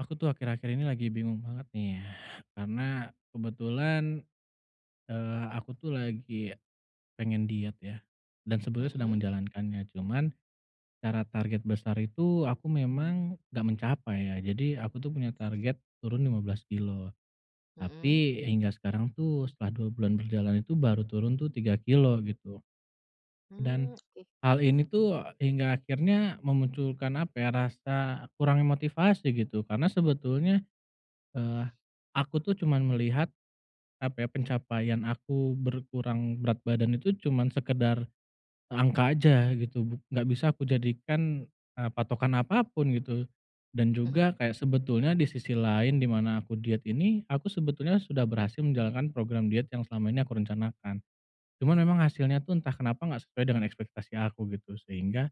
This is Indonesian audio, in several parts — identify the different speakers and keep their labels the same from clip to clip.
Speaker 1: Aku tuh akhir-akhir ini lagi bingung banget nih, karena kebetulan, eee, aku tuh lagi pengen diet ya, dan sebetulnya sedang
Speaker 2: Mhm.
Speaker 1: menjalankannya, cuman secara target besar itu aku memang nggak mencapai ya. Jadi aku tuh punya target turun 15 kilogram
Speaker 2: Mhm.
Speaker 1: tapi hingga sekarang tuh setelah dua bulan berjalan, itu baru turun tuh 3 kilogram, gitu. Dan
Speaker 2: Mmm, oke.
Speaker 1: hal ini tuh hingga akhirnya memunculkan apa, ya, rasa kurangnya motivasi gitu, karena sebetulnya, eee, aku tuh cuman melihat apa, ya, pencapaian aku berkurang berat badan itu cuman sekedar angka aja gitu, buk nggak bisa aku jadikan, eee, patokan apa pun, gitu, dan
Speaker 2: Mhm.
Speaker 1: juga kayak sebetulnya di sisi lain di mana aku diet ini, aku sebetulnya sudah berhasil menjalankan program diet yang selama ini aku rencanakan, cuman memang hasilnya tuh entah kenapa nggak sesuai dengan ekspektasi aku, gitu, sehingga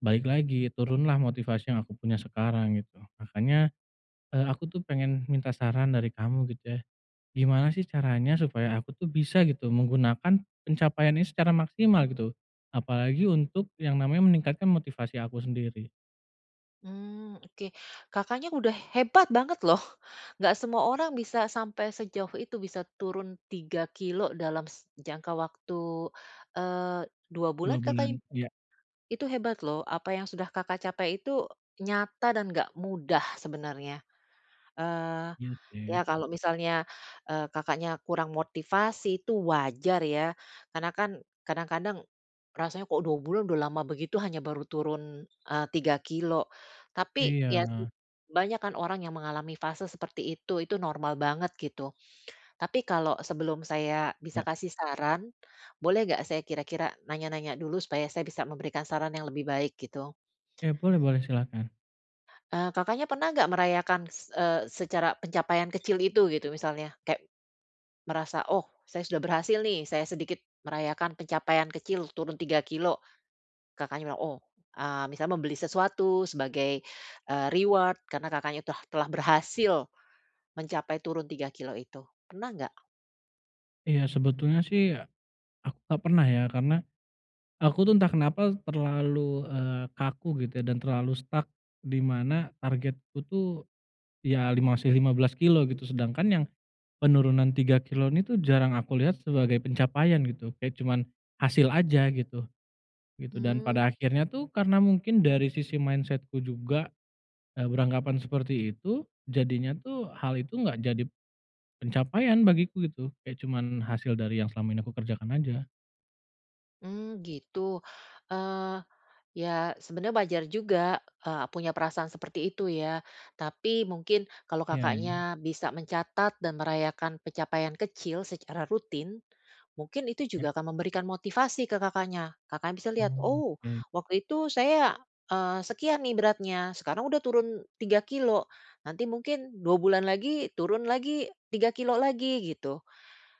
Speaker 1: balik lagi, turun lah motivasi yang aku punya sekarang, gitu. Makanya, eee, aku tuh pengen minta saran dari kamu gitu, ya, gimana sih caranya supaya aku tuh bisa gitu menggunakan pencapaian ini secara maksimal, gitu, apalagi untuk yang namanya meningkatkan motivasi aku sendiri?
Speaker 2: Mmm, oke. Kakaknya udah hebat banget loh, nggak semua orang bisa sampai sejauh itu bisa turun 3 kilogram dalam s jangka waktu, eee, 2
Speaker 1: 2
Speaker 2: bulan
Speaker 1: bulan,
Speaker 2: Kakak. [unintelligible]
Speaker 1: iya.
Speaker 2: Itu hebat loh, apa yang sudah Kakak capai itu nyata dan nggak mudah sebenarnya. Eee,
Speaker 1: Iya,
Speaker 2: ya,
Speaker 1: sih.
Speaker 2: kalau misalnya, eee, Kakaknya kurang motivasi itu wajar ya, karena kan kadang-kadang rasanya kok 2 bulan udah lama begitu, hanya baru turun, eee, 3 kilogram. Tapi, ya, sih,
Speaker 1: Iya.
Speaker 2: banyak kan orang yang mengalami fase seperti itu, itu normal banget, gitu. Tapi kalau sebelum saya bisa
Speaker 1: Ya.
Speaker 2: kasih saran, boleh nggak saya kira-kira nanya-nanya dulu supaya saya bisa memberikan saran yang lebih baik, gitu?
Speaker 1: Ya, boleh boleh, silahkan.
Speaker 2: Eee, Kakaknya pernah nggak merayakan s eee, secara pencapaian kecil itu, gitu, misalnya kayak merasa, "Oh, saya sudah berhasil nih, saya sedikit merayakan pencapaian kecil turun 3 kilogram." Kakaknya bilang, oh, eee, misalnya membeli sesuatu sebagai, eee, reward karena Kakaknya telah telah berhasil mencapai turun 3 kilogram itu, pernah nggak?
Speaker 1: Iya, sebetulnya sih aku nggak pernah ya, karena aku tuh entah kenapa terlalu, eee, kaku gitu ya, dan terlalu stuck, di mana targetku tuh, ya, li masih 15 kilogram, gitu, sedangkan yang penurunan 3 kilogram ini tuh jarang aku lihat sebagai pencapaian gitu, kayak cuman hasil aja gitu, gitu. Dan
Speaker 2: Hmm.
Speaker 1: pada akhirnya tuh karena mungkin dari sisi mindset-ku juga, eee, beranggapan seperti itu, jadinya tuh hal itu nggak jadi pencapaian bagiku, gitu, kayak cuman hasil dari yang selama ini aku kerjakan aja.
Speaker 2: Mmm, gitu. Eee, ya, sebenarnya wajar juga, eee, punya perasaan seperti itu ya. Tapi mungkin kalau
Speaker 1: Ya.
Speaker 2: Kakaknya bisa mencatat dan merayakan pencapaian kecil secara rutin, mungkin itu
Speaker 1: Ya.
Speaker 2: juga akan memberikan motivasi ke Kakaknya. Kakaknya bisa
Speaker 1: Oh,
Speaker 2: lihat, "Oh,
Speaker 1: oke.
Speaker 2: waktu itu saya, eee, sekian nih beratnya, sekarang udah turun 3 kilogram. Nanti mungkin 2 bulan lagi turun lagi 3 kilogram lagi." Gitu,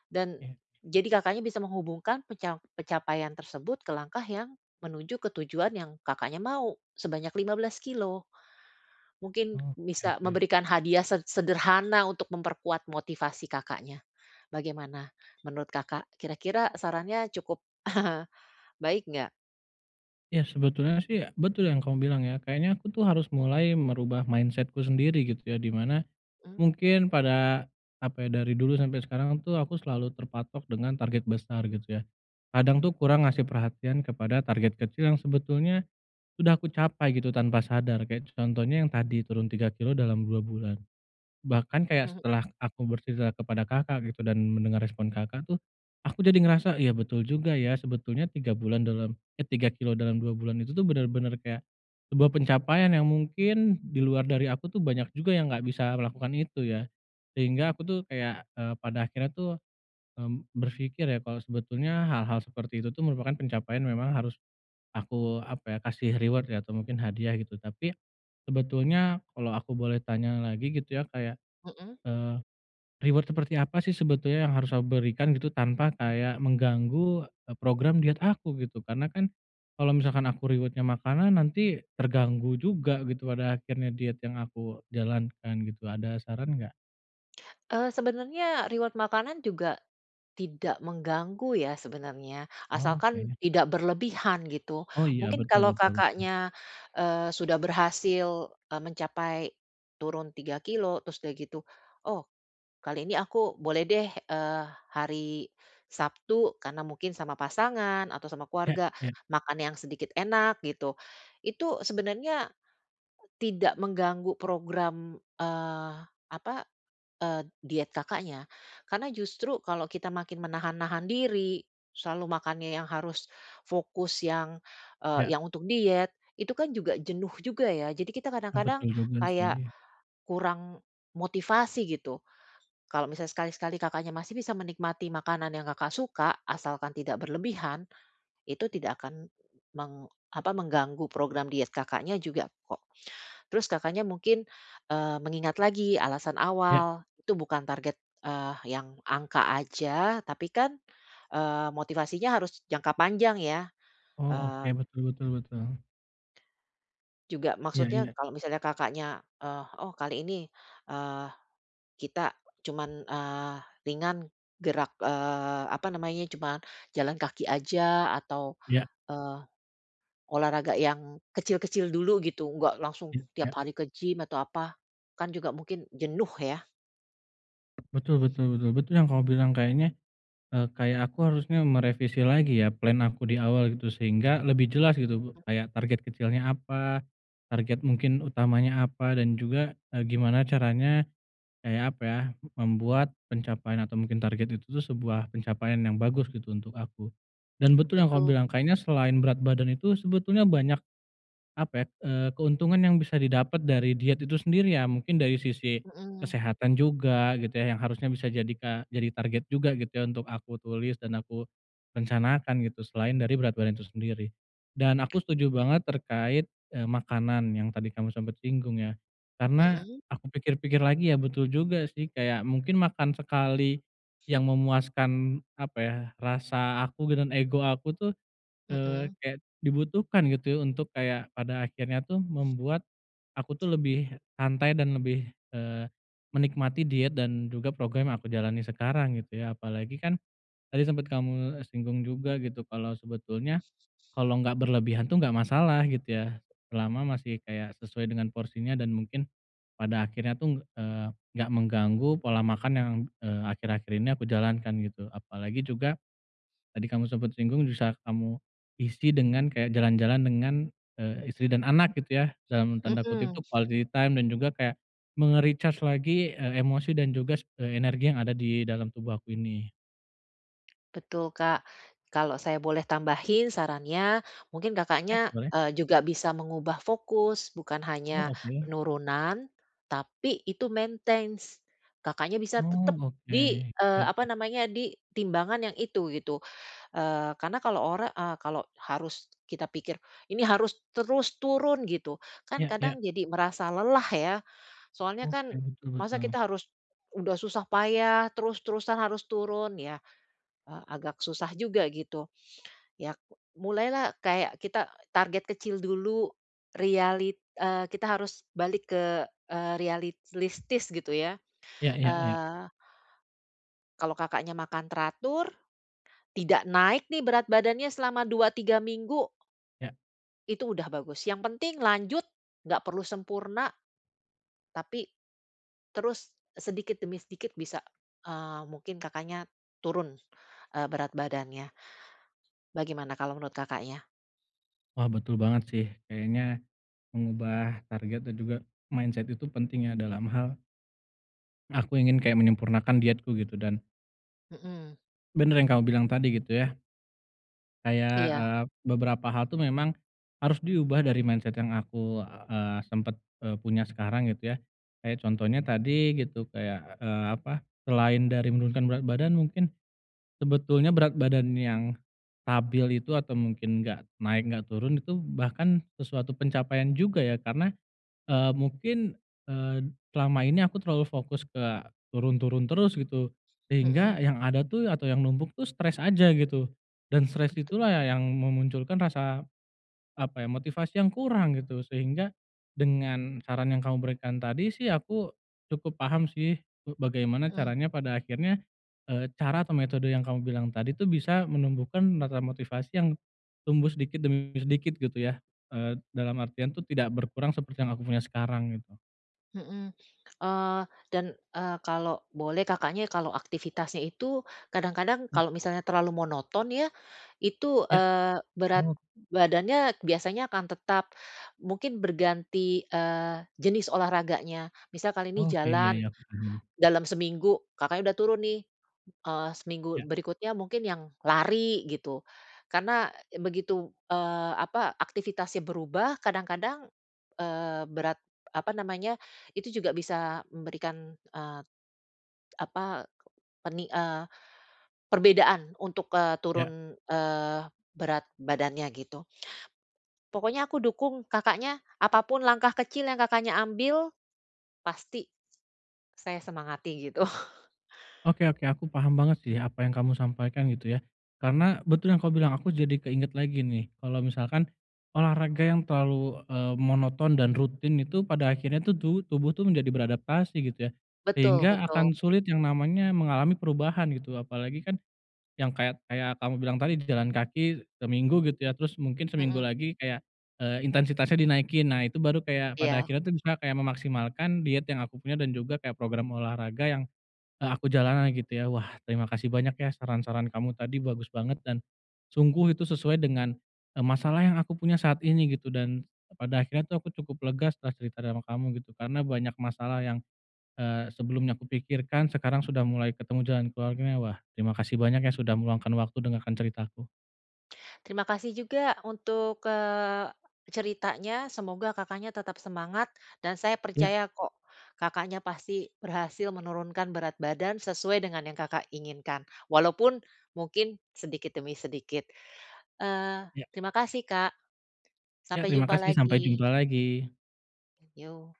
Speaker 2: dan,
Speaker 1: Ya.
Speaker 2: jadi Kakaknya bisa menghubungkan penca pencapaian tersebut ke langkah yang menuju ke tujuan yang Kakaknya mau, sebanyak 15 kilogram. Mungkin
Speaker 1: Oh, oke
Speaker 2: bisa
Speaker 1: oke.
Speaker 2: memberikan hadiah sed sederhana untuk memperkuat motivasi Kakaknya. Bagaimana menurut Kakak, kira-kira sarannya cukup baik nggak?
Speaker 1: Ya, sebetulnya sih betul yang kamu bilang, ya, kayaknya aku tuh harus mulai merubah mindset-ku sendiri gitu, ya, di mana
Speaker 2: Mmm.
Speaker 1: mungkin pada apa, ya, dari dulu sampai sekarang tuh aku selalu terpatok dengan target besar, gitu, ya, kadang tuh kurang ngasih perhatian kepada target kecil yang sebetulnya sudah aku capai, gitu, tanpa sadar. Kayak contohnya yang tadi turun 3 kilogram dalam 2 bulan, bahkan kayak
Speaker 2: Mhm.
Speaker 1: setelah aku bercerita kepada Kakak, gitu, dan mendengar respon Kakak tuh aku jadi ngerasa, iya, betul juga, ya sebetulnya 3 bulan dalam eh, 3 kilogram dalam 2 bulan itu tuh bener-bener kayak sebuah pencapaian yang mungkin di luar dari aku tuh banyak juga yang nggak bisa melakukan itu ya. Sehingga aku tuh kayak, eee, pada akhirnya tuh, mmm, berfikir ya kalau sebetulnya hal-hal seperti itu tuh merupakan pencapaian, memang harus aku apa, ya, kasih reward, ya, atau mungkin hadiah, gitu. Tapi sebetulnya kalau aku boleh tanya lagi gitu, ya, kayak,
Speaker 2: Mhm.
Speaker 1: eee, reward seperti apa sih sebetulnya yang harus aku berikan, gitu, tanpa kayak mengganggu, eee, program diet aku, gitu? Karena kan kalau misalkan aku reward-nya makanan, nanti terganggu juga gitu pada akhirnya diet yang aku jalankan, gitu, ada saran nggak?
Speaker 2: Eee, sebenarnya reward makanan juga tidak mengganggu ya sebenarnya, asalkan
Speaker 1: Oke.
Speaker 2: tidak berlebihan, gitu.
Speaker 1: Oh, iya,
Speaker 2: Mungkin
Speaker 1: betul
Speaker 2: kalau
Speaker 1: betul.
Speaker 2: Kakaknya, eee, sudah berhasil, eee, mencapai turun 3 kilogram terus udah, gitu, "Oh, kali ini aku boleh deh, eee, hari Sabtu, karena mungkin sama pasangan atau sama
Speaker 1: Ya
Speaker 2: keluarga
Speaker 1: ya.
Speaker 2: makan yang sedikit enak." Gitu, itu sebenarnya tidak mengganggu program, eee, apa, eee, diet Kakaknya, karena justru kalau kita makin menahan-nahan diri, selalu makannya yang harus fokus yang, eee,
Speaker 1: Ya.
Speaker 2: yang untuk diet, itu kan juga jenuh juga ya, jadi kita
Speaker 1: Eee,
Speaker 2: kadang-kadang
Speaker 1: betul juga
Speaker 2: kayak
Speaker 1: sih.
Speaker 2: kurang motivasi, gitu. Kalau misal sekali-sekali Kakaknya masih bisa menikmati makanan yang Kakak suka asalkan tidak berlebihan, itu tidak akan meng apa, mengganggu program diet Kakaknya juga kok. Terus Kakaknya mungkin, eee, mengingat lagi alasan
Speaker 1: Ya.
Speaker 2: awal itu bukan target, eee, yang angka aja tapi kan, eee, motivasinya harus jangka panjang ya,
Speaker 1: Oh, oke,
Speaker 2: eee
Speaker 1: betul betul betul.
Speaker 2: juga
Speaker 1: Iya
Speaker 2: maksudnya
Speaker 1: iya.
Speaker 2: kalau misalnya Kakaknya, eee, oh, kali ini, eee, kita cuman, eee, ringan, gerak, eee, apa namanya, cuman jalan kaki aja atau,
Speaker 1: Iya.
Speaker 2: eee, olahraga yang kecil-kecil dulu, gitu, nggak langsung
Speaker 1: Ya ya.
Speaker 2: tiap hari ke gym atau apa, kan juga mungkin jenuh, ya.
Speaker 1: Betul betul betul betul yang kamu bilang kayaknya, eee, kayak aku harusnya merevisi lagi ya plan aku di awal, gitu, sehingga lebih jelas, gitu, kayak target kecilnya apa, target mungkin utamanya apa, dan juga, eee, gimana caranya kayak apa, ya, membuat pencapaian atau mungkin target itu tuh sebuah pencapaian yang bagus, gitu, untuk aku. Dan betul yang kau
Speaker 2: Betul.
Speaker 1: bilang, kayaknya selain berat badan itu sebetulnya banyak apa, ya, eee, keuntungan yang bisa didapat dari diet itu sendiri, ya, mungkin dari sisi
Speaker 2: Mhm.
Speaker 1: kesehatan juga, gitu ya, yang harusnya bisa jadi ka jadi target juga, gitu ya, untuk aku tulis dan aku rencanakan, gitu, selain dari berat badan itu sendiri. Dan aku setuju banget terkait, eee, makanan yang tadi kamu sempat singgung, ya, karena
Speaker 2: Mhm.
Speaker 1: aku pikir-pikir lagi, ya, betul juga sih, kayak mungkin makan sekali yang memuaskan, apa ya, rasa aku gitu, dan ego aku tuh, eee,
Speaker 2: Mhm.
Speaker 1: kayak dibutuhkan, gitu, untuk kayak pada akhirnya tuh membuat aku tuh lebih santai dan lebih, eee, menikmati diet dan juga program yang aku jalani sekarang gitu ya, apalagi kan tadi sempat kamu, eee, singgung juga, gitu, kalau sebetulnya kalau nggak berlebihan tuh nggak masalah, gitu ya, selama masih kayak sesuai dengan porsinya, dan mungkin pada akhirnya tuh ng eee, nggak mengganggu pola makan yang, eee, akhir-akhir ini aku jalankan, gitu. Apalagi juga tadi kamu sempet singgung, bisa kamu isi dengan kayak jalan-jalan dengan, eee, istri dan anak, gitu ya, dalam tanda kutip
Speaker 2: Mhm.
Speaker 1: tuh "quality time" dan juga kayak me-recharge lagi, eee, emosi dan juga s eee, energi yang ada di dalam tubuh aku ini.
Speaker 2: Betul, Kak. Kalau saya boleh tambahin sarannya, mungkin
Speaker 1: Ya,
Speaker 2: Kakaknya,
Speaker 1: boleh.
Speaker 2: eee, juga bisa mengubah fokus, bukan hanya
Speaker 1: Oh, oke.
Speaker 2: penurunan, tapi itu maintains. Kakaknya bisa
Speaker 1: Oh,
Speaker 2: tetap di
Speaker 1: oke,
Speaker 2: eee,
Speaker 1: ya.
Speaker 2: apa namanya, di timbangan yang itu, gitu. Eee, karena kalau ora eee, kalau harus kita pikir, ini harus terus turun, gitu, kan
Speaker 1: Ya ya.
Speaker 2: kadang jadi merasa lelah ya. Soalnya
Speaker 1: Oke,
Speaker 2: kan
Speaker 1: betul
Speaker 2: masa
Speaker 1: betul.
Speaker 2: kita harus udah susah payah terus-terusan harus turun, ya, eee, agak susah juga, gitu. Ya, mulai lah kayak kita target kecil dulu, realit eee, kita harus balik ke eee, realistis, gitu ya,
Speaker 1: Ya ya ya.
Speaker 2: eee Kalau Kakaknya makan teratur, tidak naik nih berat badannya selama 2, 3 minggu
Speaker 1: Ya.
Speaker 2: itu udah bagus, yang penting lanjut, nggak perlu sempurna tapi terus sedikit demi sedikit bisa, eee, mungkin Kakaknya turun, eee, berat badannya. Bagaimana kalau menurut Kakaknya?
Speaker 1: Wah, betul banget sih, kayaknya mengubah target dan juga mindset itu penting ya dalam hal aku ingin kayak menyempurnakan dietku gitu dan,
Speaker 2: Mhm.
Speaker 1: bener yang kamu bilang tadi, gitu ya. Kayak,
Speaker 2: Iya.
Speaker 1: eee, beberapa hal tuh memang harus diubah, dari mindset yang aku, eee, sempat, eee, punya sekarang, gitu ya. Kayak contohnya tadi gitu, kayak, eee, apa, selain dari menurunkan berat badan, mungkin sebetulnya berat badan yang stabil itu atau mungkin nggak naik, nggak turun, itu bahkan sesuatu pencapaian juga, ya, karena, eee, mungkin, eee, selama ini aku terlalu fokus ke turun-turun terus, gitu, sehingga
Speaker 2: Mhm.
Speaker 1: yang ada tuh atau yang numpuk tuh stres aja, gitu, dan stres itu
Speaker 2: Betu
Speaker 1: lah ya yang memunculkan rasa apa, ya, motivasi yang kurang, gitu, sehingga dengan saran yang kamu berikan tadi sih aku cukup paham sih be bagaimana
Speaker 2: Mmm.
Speaker 1: caranya pada akhirnya, eee, cara atau metode yang kamu bilang tadi tuh bisa menumbuhkan, menata motivasi yang tumbuh sedikit demi sedikit, gitu ya, eee, dalam artian tuh tidak berkurang seperti yang aku punya sekarang, gitu.
Speaker 2: Mhm. Eee, dan, eee, kalau boleh Kakaknya kalau aktivitasnya itu kadang-kadang
Speaker 1: Ya.
Speaker 2: kalau misalnya terlalu monoton ya, itu,
Speaker 1: Ya,
Speaker 2: eee, berat
Speaker 1: oh.
Speaker 2: badannya biasanya akan tetap. Mungkin berganti, eee, jenis olahraganya, misal kali ini
Speaker 1: Oke, iya
Speaker 2: jalan,
Speaker 1: iya, aku paham.
Speaker 2: dalam seminggu Kakaknya udah turun nih, eee, seminggu
Speaker 1: Ya.
Speaker 2: berikutnya mungkin yang lari gitu, karena begitu, eee, apa, aktivitasnya berubah, kadang-kadang, eee, berat apa namanya, itu juga bisa memberikan, eee, apa, peni eee, perbedaan untuk, eee,
Speaker 1: Ya.
Speaker 2: turun, eee, berat badannya, gitu. Pokoknya aku dukung Kakaknya, apa pun langkah kecil yang Kakaknya ambil, pasti saya semangati gitu.
Speaker 1: Oke oke, aku paham banget sih apa yang kamu sampaikan, gitu ya. Karena betul yang kamu bilang, aku jadi keinget lagi nih kalau misalkan olahraga yang terlalu, eee, monoton dan rutin itu pada akhirnya tuh tubu tubuh tuh menjadi beradaptasi, gitu ya.
Speaker 2: Betul
Speaker 1: Sehingga
Speaker 2: betul.
Speaker 1: akan sulit yang namanya mengalami perubahan gitu, apalagi kan yang kayak kayak kamu bilang tadi, di jalan kaki seminggu gitu, ya, terus mungkin seminggu
Speaker 2: Mhm.
Speaker 1: lagi kayak, eee, intensitasnya dinaikin, nah, itu baru kayak pada
Speaker 2: Iya.
Speaker 1: akhirnya tuh bisa kayak memaksimalkan diet yang aku punya dan juga kayak program olahraga yang, eee, aku jalani, gitu ya. Wah, terima kasih banyak, ya, saran-saran kamu tadi bagus banget dan sungguh itu sesuai dengan, eee, masalah yang aku punya saat ini, gitu, dan pada akhirnya tuh aku cukup lega setelah cerita dengan kamu, gitu, karena banyak masalah yang, eee, sebelumnya aku pikirkan sekarang sudah mulai ketemu jalan keluarnya. Wah, terima kasih banyak, ya, sudah meluangkan waktu dengarkan ceritaku.
Speaker 2: Terima kasih juga untuk, eee, ceritanya, semoga Kakaknya tetap semangat dan saya
Speaker 1: Ya.
Speaker 2: percaya kok Kakaknya pasti berhasil menurunkan berat badan sesuai dengan yang Kakak inginkan, walaupun mungkin sedikit demi sedikit, eee,
Speaker 1: Ya.
Speaker 2: terima kasih, Kak.
Speaker 1: Ya,
Speaker 2: Sampai
Speaker 1: terima
Speaker 2: jumpa
Speaker 1: kasih, sampai
Speaker 2: lagi.
Speaker 1: jumpa lagi.
Speaker 2: Yo.